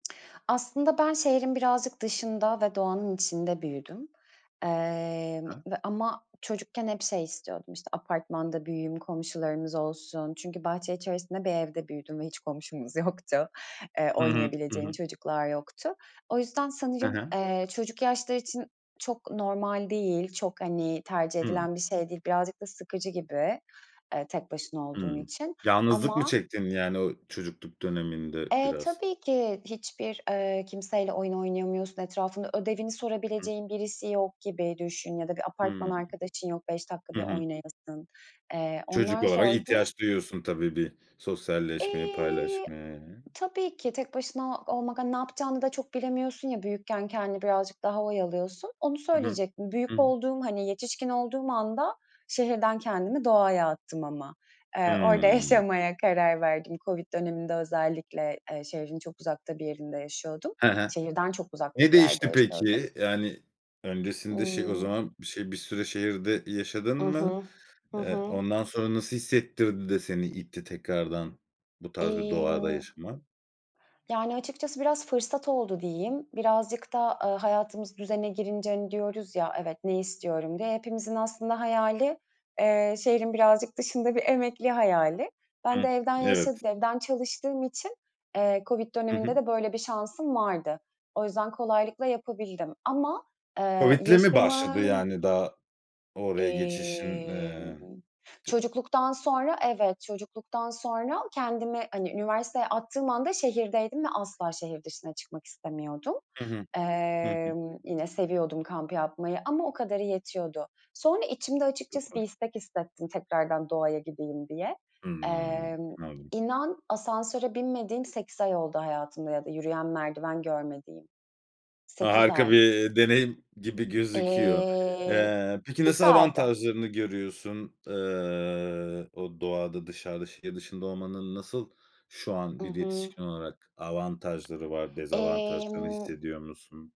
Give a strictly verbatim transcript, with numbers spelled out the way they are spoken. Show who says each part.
Speaker 1: Aslında ben şehrin birazcık dışında ve doğanın içinde büyüdüm, eee,
Speaker 2: Ha.
Speaker 1: ve ama çocukken hep şey istiyordum. İşte, apartmanda büyüyeyim, komşularımız olsun. Çünkü bahçe içerisinde bir evde büyüdüm ve hiç komşumuz yoktu. Eee,
Speaker 2: Hı hı. Hı
Speaker 1: oynayabileceğim
Speaker 2: hı.
Speaker 1: çocuklar yoktu. O yüzden
Speaker 2: He
Speaker 1: sanırım,
Speaker 2: he.
Speaker 1: eee, çocuk yaşları için çok normal değil, çok, hani, tercih
Speaker 2: Hımm.
Speaker 1: edilen bir şey değil. Birazcık da sıkıcı gibi, eee, tek başına olduğun
Speaker 2: Hımm.
Speaker 1: için
Speaker 2: Yalnızlık mı
Speaker 1: ama
Speaker 2: çektin, yani, o çocukluk döneminde
Speaker 1: Eee,
Speaker 2: biraz?
Speaker 1: tabii ki, hiçbir, eee, kimseyle oyun oynayamıyorsun, etrafında ödevini
Speaker 2: Hı hı.
Speaker 1: sorabileceğin birisi yok gibi düşün ya da bir apartman
Speaker 2: Hımm.
Speaker 1: arkadaşın yok beş dakika
Speaker 2: Hı
Speaker 1: bir
Speaker 2: hı.
Speaker 1: oynayasın, eee,
Speaker 2: Çocuk
Speaker 1: onlar
Speaker 2: olarak
Speaker 1: zordu.
Speaker 2: ihtiyaç duyuyorsun tabii bir sosyalleşmeyi,
Speaker 1: Eee,
Speaker 2: paylaşmayı, eee
Speaker 1: tabii ki tek başına olmak, hani, ne yapacağını da çok bilemiyorsun ya, büyükken kendini birazcık daha oyalıyorsun. Onu
Speaker 2: Hı hı.
Speaker 1: söyleyecektim.
Speaker 2: Hı
Speaker 1: Büyük
Speaker 2: hı.
Speaker 1: olduğum, hani, yetişkin olduğum anda şehirden kendimi doğaya attım ama. Eee, orada
Speaker 2: Hımm.
Speaker 1: yaşamaya karar verdim COVID döneminde özellikle, eee, şehrin çok uzakta bir yerinde yaşıyordum.
Speaker 2: He he.
Speaker 1: Şehirden çok uzakta
Speaker 2: Ne
Speaker 1: bir yerde
Speaker 2: değişti
Speaker 1: yaşıyordum.
Speaker 2: peki? Yani, öncesinde şey o
Speaker 1: Imm
Speaker 2: zaman bir şey, bir süre şehirde yaşadın
Speaker 1: I
Speaker 2: mı?
Speaker 1: hı. Hı
Speaker 2: Eee,
Speaker 1: hı.
Speaker 2: ondan sonra nasıl hissettirdi de seni itti tekrardan bu tarz bir doğada
Speaker 1: Imm
Speaker 2: yaşama?
Speaker 1: Yani açıkçası biraz fırsat oldu diyeyim. Birazcık da, eee, hayatımız düzene girince, hani, diyoruz ya, "Evet, ne istiyorum?" diye. Hepimizin aslında hayali, eee, şehrin birazcık dışında bir emekli hayali. Ben
Speaker 2: Hıh.
Speaker 1: de evden yaşa
Speaker 2: Evet.
Speaker 1: evden çalıştığım için, eee, COVID
Speaker 2: Hı hı.
Speaker 1: döneminde de böyle bir şansım vardı. O yüzden kolaylıkla yapabildim ama, eee,
Speaker 2: COVID'le mi başladı,
Speaker 1: yaşımın
Speaker 2: yani, daha oraya geçişin, eee,
Speaker 1: Emm,
Speaker 2: di
Speaker 1: çocukluktan sonra, evet, çocukluktan sonra kendimi, hani, üniversiteye attığım anda şehirdeydim ve asla şehir dışına çıkmak istemiyordum.
Speaker 2: Hı hı. Hı hı.
Speaker 1: Eee, yine seviyordum kamp yapmayı ama o kadarı yetiyordu. Sonra içimde açıkçası bir
Speaker 2: [unintelligible]
Speaker 1: istek hissettim, tekrardan doğaya gideyim diye.
Speaker 2: Hımm.
Speaker 1: Eee,
Speaker 2: Anladım.
Speaker 1: inan, asansöre binmediğim sekiz ay oldu hayatımda ya da yürüyen merdiven görmediğim. sekiz
Speaker 2: Harika
Speaker 1: ay.
Speaker 2: bir deneyim gibi gözüküyor.
Speaker 1: Eee,
Speaker 2: Eee, peki nasıl
Speaker 1: güzeldi.
Speaker 2: avantajlarını görüyorsun? Eee, o doğada dışarıda şehir dışında olmanın nasıl şu an
Speaker 1: I
Speaker 2: bir
Speaker 1: hı.
Speaker 2: yetişkin olarak avantajları var? Dezavantajlarını
Speaker 1: Emm
Speaker 2: hissediyor musun?